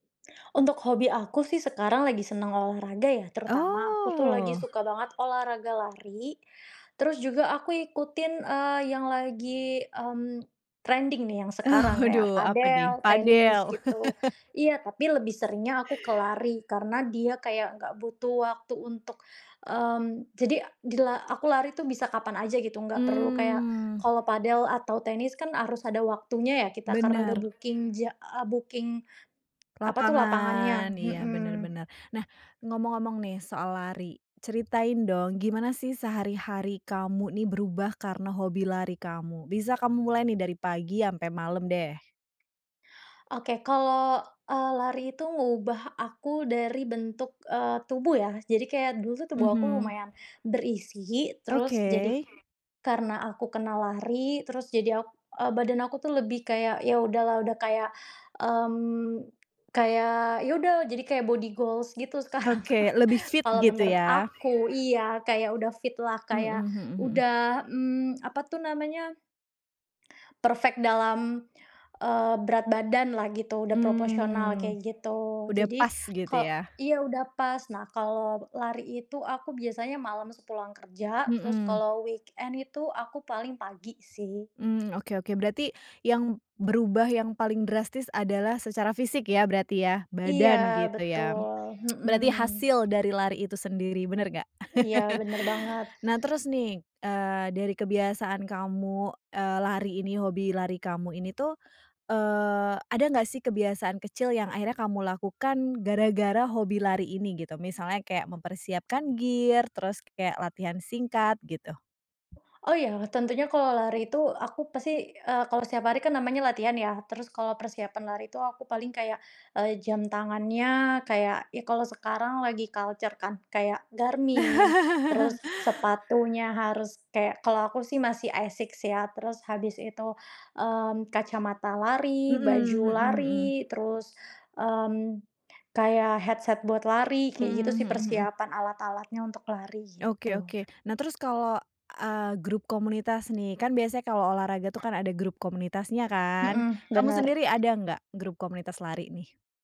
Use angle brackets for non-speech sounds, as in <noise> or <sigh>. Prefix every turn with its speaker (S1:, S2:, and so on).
S1: Untuk hobi aku sih sekarang lagi senang olahraga ya, terutama aku tuh lagi
S2: Oh.
S1: suka banget olahraga lari. Terus juga aku ikutin, eee, yang lagi, mmm, trending nih yang sekarang, kayak
S2: Aduh apa nih?
S1: padel, tenis
S2: Padel.
S1: gitu.
S2: <laughs>
S1: Iya, tapi lebih seringnya aku ke lari karena dia kayak enggak butuh waktu untuk, mmm, jadi dila aku lari itu bisa kapan aja gitu, enggak perlu kayak,
S2: Mmm.
S1: kalau padel atau tenis kan harus ada waktunya ya, kita karena udah
S2: Bener.
S1: booking ja a booking, apa tuh, lapangannya,
S2: Lapangan, iya bener
S1: mhm.
S2: bener. Nah, ngomong-ngomong nih soal lari. Ceritain dong, gimana sih sehari-hari kamu nih berubah karena hobi lari kamu? Bisa kamu mulai nih dari pagi sampai malam deh.
S1: Oke, kalau, eee, lari itu ngubah aku dari bentuk, eee, tubuh ya. Jadi kayak dulu tuh tubuh aku
S2: Mhm.
S1: lumayan berisi terus jadi
S2: Oke.
S1: karena aku kena lari terus jadi ak e badan aku tuh lebih kayak, iya udahlah, sudah kayak, mmm, kayak iya sudah jadi kayak body goals gitu sekarang,
S2: Oke, lebih
S1: <chuckles>
S2: fit
S1: kalau
S2: gitu
S1: menurut
S2: ya?
S1: aku, iya, kayak udah fit lah,
S2: Mhm
S1: kayak
S2: mhm mhm.
S1: sudah, mmm, apa tuh namanya? Perfect dalam, eee, berat badan lah gitu, sudah proporsional
S2: Mmm,
S1: kayak gitu.
S2: sudah
S1: Jadi
S2: pas gitu
S1: ko
S2: ya?
S1: iya udah pas, nah kalau lari itu aku biasanya malam sepulang kerja, terus
S2: Mhm.
S1: kalau weekend itu aku paling pagi sih.
S2: Mmm, oke oke. Berarti yang berubah yang paling drastis adalah secara fisik ya, berarti ya?
S1: Iya,
S2: Badan gitu ya? <tsk>
S1: betul,
S2: Berarti
S1: mhm.
S2: hasil dari lari itu sendiri, bener enggak?
S1: Iya, bener banget.
S2: <laughs> Nah, terus nih eee, dari kebiasaan kamu, eee, lari ini, hobi lari kamu ini tuh. Eee, ada enggak sih kebiasaan kecil yang akhirnya kamu lakukan gara-gara hobi lari ini gitu? Misalnya kayak mempersiapkan gear, terus kayak latihan singkat, gitu.
S1: Oh iya, tentunya kalau lari itu aku pasti, eee, kalau setiap hari kan namanya latihan ya. Terus kalau persiapan lari itu aku paling kayak, eee, jam tangannya, kayak ya kalau sekarang lagi culture kan kayak Garmin,
S2: <laughs>
S1: terus sepatunya harus kayak, kalau aku sih masih ASICS ya, terus habis itu, mmm, kacamata lari,
S2: Mhm
S1: baju
S2: mhm mhm.
S1: lari terus, mmm, kayak headset buat lari,
S2: Mhm
S1: kayak gitu sih
S2: mhm mhm.
S1: persiapan alat-alatnya untuk lari,
S2: Oke
S1: gitu.
S2: oke. Nah, terus kalo, eee, grup komunitas nih. Kan biasanya kalo olahraga tuh kan ada grup komunitasnya kan?
S1: Mhm,
S2: Kamu
S1: bener.
S2: sendiri ada enggak grup komunitas lari ini?